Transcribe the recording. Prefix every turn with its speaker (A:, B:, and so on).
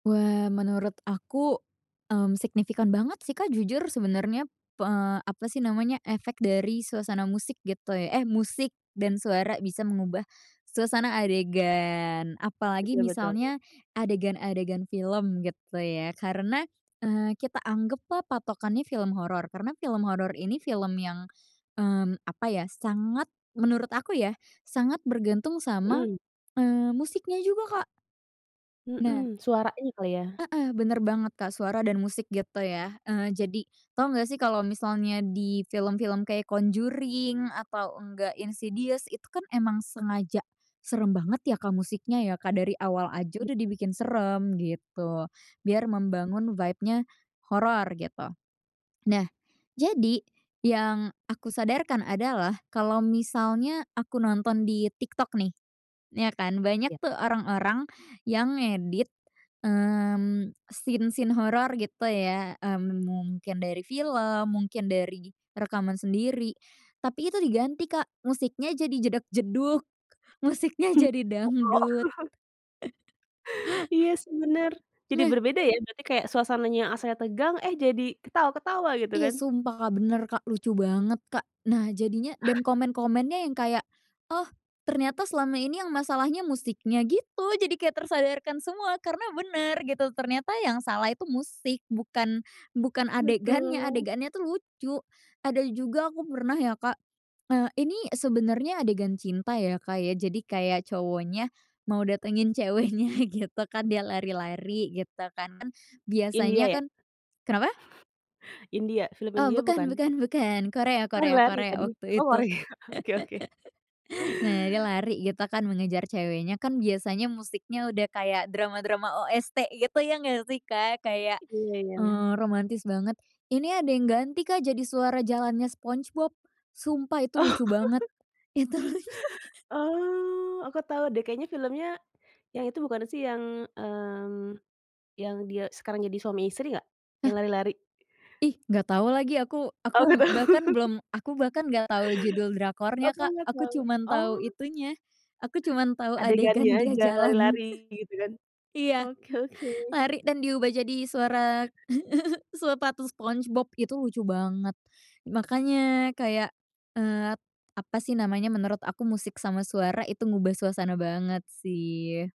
A: Wah, menurut aku, mmm, signifikan banget sih, Kak, jujur sebenarnya, p eee, apa sih namanya, efek dari suasana musik gitu ya eh, musik dan suara bisa mengubah suasana adegan. Apalagi
B: Betul betul.
A: misalnya adegan-adegan film gitu ya. Karena, eee, kita anggaplah patokannya film horor. Karena film horor ini film yang, mmm, apa ya, sangat, menurut aku ya, sangat bergantung sama,
B: Mhm.
A: eee, musiknya juga, Kak. Nah.
B: Mhm. Suaranya kali ya.
A: Heeh, benar banget, Kak. Suara dan musik gitu ya. Eee, jadi tahu nggak sih kalau misalnya di film-film kayak Conjuring atau nggak, Insidious, itu kan emang sengaja seram banget ya, Kak, musiknya ya, Kak. Dari awal aja
B: Mhm.
A: udah dibikin seram gitu. Biar membangun vibe-nya horor gitu. Nah, jadi yang aku sadarkan adalah, kalau misalnya aku nonton di TikTok nih, ya kan, banyak
B: Ya.
A: tuh orang-orang yang ngedit, mmm, scene-scene horor gitu ya. Mmm, mungkin dari film, mungkin dari rekaman sendiri. Tapi itu diganti, Kak, musiknya jadi jedag-jedug, musiknya jadi
B: Koplo.
A: dangdut.
B: Iya sih, benar. Jadi
A: Nah.
B: berbeda ya, berarti kayak suasananya asalnya tegang, eh, jadi ketawa-ketawa gitu
A: Iya,
B: kan?
A: sumpah Kak, benar, Kak. Lucu banget, Kak. Nah, jadinya dan komen-komennya yang kayak, "Oh, ternyata selama ini yang masalahnya musiknya," gitu. Jadi kayak tersadarkan semua karena benar gitu. Ternyata yang salah itu musik, bukan, bukan adegannya,
B: Betul.
A: adegannya tuh lucu. Ada juga aku pernah ya, Kak, eee, ini sebenarnya adegan cinta ya, Kak, ya. Jadi kayak cowoknya mau datengin ceweknya gitu kan, dia lari-lari gitu kan.
B: India
A: Biasanya
B: ya?
A: kan kenapa?
B: India? Film
A: Oh,
B: India,
A: bukan
B: bukan?
A: bukan bukan. Korea Korea
B: Lari-lari
A: Korea,
B: tadi.
A: waktu
B: Oh,
A: itu.
B: Korea. Oke oke.
A: Nah, dia lari gitu kan mengejar ceweknya, kan biasanya musiknya udah kayak drama-drama OST gitu, ya nggak sih, Kak, kayak,
B: Iya iya.
A: eee, romantis banget. Ini ada yang ganti, Kak, jadi suara jalannya SpongeBob. Sumpah itu
B: Oh.
A: lucu banget. Itu lucu.
B: Oh, aku tahu deh. Kayaknya filmnya yang itu bukan sih yang, mmm, yang dia sekarang jadi suami istri nggak? Yang
A: Nah.
B: lari-lari?
A: Ih, nggak tahu lagi aku.
B: Oh, nggak
A: Aku
B: tahu.
A: bahkan belum aku bahkan nggak tahu judul drakornya,
B: Aku
A: Kak.
B: nggak
A: Aku
B: tahu.
A: cuma tahu
B: Oh!
A: itunya, aku cuma tahu
B: Adegannya
A: adegan dia
B: aja.
A: jalan.
B: Lari-lari gitu kan?
A: Iya.
B: Oke oke.
A: Lari dan diubah jadi suara, suara sepatu SpongeBob. Itu lucu banget. Makanya kayak, eee, apa sih namanya, menurut aku musik sama suara itu ngubah suasana banget sih.